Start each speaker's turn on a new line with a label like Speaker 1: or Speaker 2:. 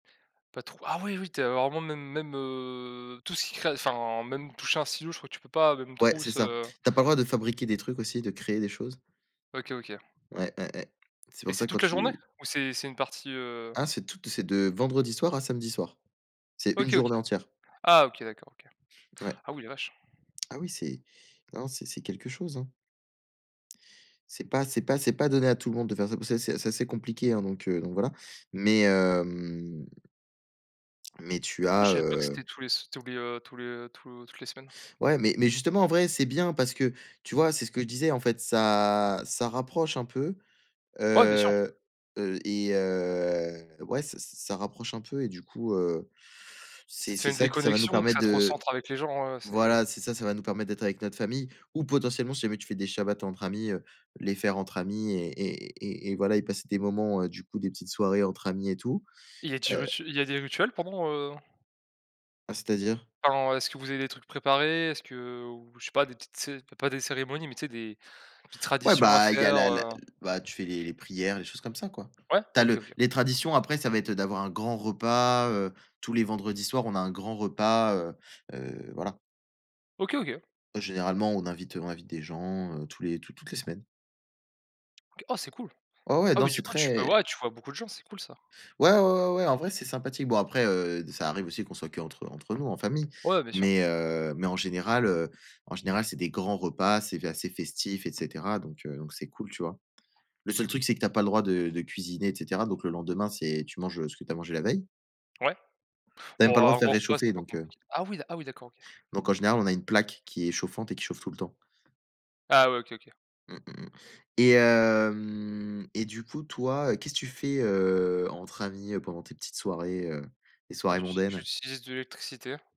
Speaker 1: Pas tro ah oui oui, tu as vraiment même même, heu, tout ce qui crée enfin même toucher un stylo, je crois que tu peux pas, même
Speaker 2: Ouais c'est
Speaker 1: trousse,
Speaker 2: ça,
Speaker 1: heu
Speaker 2: tu as pas le droit de fabriquer des trucs aussi, de créer des choses.
Speaker 1: OK, OK.
Speaker 2: Ouais, ouais, ouais. C'est
Speaker 1: Et
Speaker 2: pour
Speaker 1: c'est
Speaker 2: ça quand
Speaker 1: toute la journée
Speaker 2: tu
Speaker 1: ou c'est c'est une partie, heu
Speaker 2: Ah c'est toute c'est de vendredi soir à samedi soir. C'est une
Speaker 1: OK, OK.
Speaker 2: journée entière.
Speaker 1: Ah, OK d'accord OK.
Speaker 2: Ouais.
Speaker 1: Ah oui la vache.
Speaker 2: Ah oui c'est non c'est c'est quelque chose, hein. C'est pas c'est pas c'est pas donné à tout le monde de faire ça. Pa ça c'est assez c'est assez compliqué hein donc heu, donc voilà, mais hem, mais tu
Speaker 1: Ah je
Speaker 2: as,
Speaker 1: savais pas que
Speaker 2: heu
Speaker 1: c'était tous les s tous les, heu tous les, heu, tout toutes les semaines.
Speaker 2: Ouais mais mais justement en vrai c'est bien parce que, tu vois? C'est ce que je disais en fait ça ça rapproche un peu,
Speaker 1: Ouais, bien sûr.
Speaker 2: heu, heu, et heu, ouais s s ça rapproche un peu et du coup, heu,
Speaker 1: Ça
Speaker 2: c'est
Speaker 1: te fait
Speaker 2: c'est
Speaker 1: une
Speaker 2: ça qui ça va nous
Speaker 1: déconnexion,
Speaker 2: permettre
Speaker 1: ça te
Speaker 2: de
Speaker 1: recentre avec les gens, ouais, ouais. C'est
Speaker 2: voilà. C'est ça, ça va nous permettre d'être avec notre famille ou potentiellement si jamais tu fais des shabbat entre amis, heu, les faire entre amis et et et et voilà et passer des moments, heu, du coup des petites soirées entre amis et tout,
Speaker 1: Il a dit
Speaker 2: heu
Speaker 1: rutu il y a des rituels, pendant, heu
Speaker 2: Ah, c'est-à-dire?
Speaker 1: Enfin, est-ce que vous avez des trucs préparés? Est-ce que, heu, ou je sais pas des petites cé p pas des cérémonies, mais tu sais? Des petites
Speaker 2: Ouais,
Speaker 1: traditions à
Speaker 2: bah, il y a
Speaker 1: faire,
Speaker 2: la la
Speaker 1: heu
Speaker 2: bah, tu fais les les prières, les choses comme ça quoi.
Speaker 1: Ouais.
Speaker 2: Tu as
Speaker 1: OK,
Speaker 2: le
Speaker 1: OK.
Speaker 2: les traditions après, ça va être d'avoir un grand repas, heu, tous les vendredis soir, on a un grand repas, heu, heu, voilà.
Speaker 1: OK, OK.
Speaker 2: Généralement, on invite, heu, on invite des gens, heu, tous les tou toutes les semaines.
Speaker 1: OK. Oh, c'est cool.
Speaker 2: Oh, ouais,
Speaker 1: Ah
Speaker 2: non
Speaker 1: oui du
Speaker 2: c'est
Speaker 1: coup tu peux
Speaker 2: très
Speaker 1: ouais, tu vois beaucoup de gens, c'est cool ça.
Speaker 2: Ouais, ouais, ouais, ouais, ouais, en vrai c'est sympathique. Bon après, heu, d ça arrive aussi qu'on soit qu'entre entre nous en famille
Speaker 1: Ouais, bien sûr.
Speaker 2: mais heu, mais en général, heu, en général, c'est des grands repas, c'est f assez festif, et cetera donc heu, donc c'est cool, tu vois? Le seul truc, c'est que tu as pas le droit de de cuisiner, et cetera donc le lendemain, c'est tu manges, heu, ce que tu as mangé la veille.
Speaker 1: Ouais.
Speaker 2: Tu as même
Speaker 1: Bon
Speaker 2: pas le droit
Speaker 1: un
Speaker 2: de faire
Speaker 1: gros repas c'est
Speaker 2: réchauffer,
Speaker 1: pas
Speaker 2: donc heu
Speaker 1: compliqu ah oui, ah oui d'accord OK.
Speaker 2: Donc en général, on a une plaque qui est chauffante et qui chauffe tout le temps.
Speaker 1: Ah ouais OK, OK.
Speaker 2: Mmh mh et hem, et du coup, toi, heu, qu'est-ce que tu fais, heu, entre amis, heu, pendant tes petites soirées, heu, les
Speaker 1: Bah,
Speaker 2: soirées
Speaker 1: j'uti
Speaker 2: mondaines?
Speaker 1: j'utilise de l'électricité.